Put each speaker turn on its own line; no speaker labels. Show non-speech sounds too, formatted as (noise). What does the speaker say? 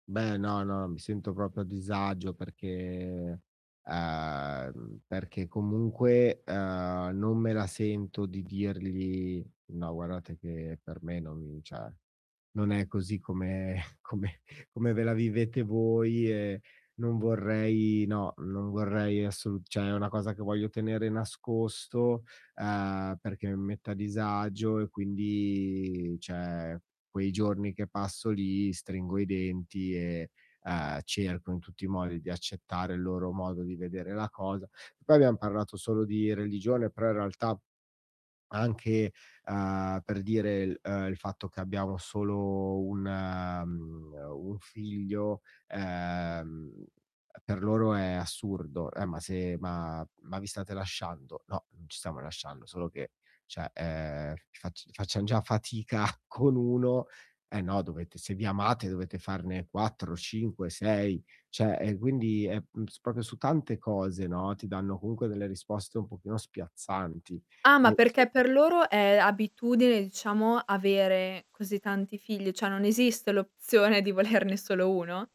Beh, no, no, mi sento proprio a disagio perché, uhm, perché comunque, ehm, non me la sento di dirgli: "No, guardate che per me non cioè non è così come come come ve la vivete voi e non vorrei, no, non vorrei assolut", cioè è una cosa che voglio tenere nascosto, uhm, perché mi mette a disagio e quindi cioè quei giorni che passo lì stringo i denti e, uhm, cerco in tutti i modi di accettare il loro modo di vedere la cosa. Poi abbiam parlato solo di religione, però in realtà anche, uhm, per dire il, uhm, il fatto che abbiamo solo un, mh, un figlio ehm per loro è assurdo. "Eh, ma se ma ma vi state lasciando?" "No, non ci stiamo lasciando, solo che cioè, ehm, fac facciam già fatica (scoffs) con uno." "Eh no dovete, se vi amate dovete farne 4, 5, 6", cioè, ehm, quindi è s proprio su tante cose, no, ti danno comunque delle risposte un pochino spiazzanti.
Ah, ma
E (unintelligible)
perché per loro è abitudine, diciamo, avere così tanti figli? Cioè non esiste l'opzione di volerne solo uno?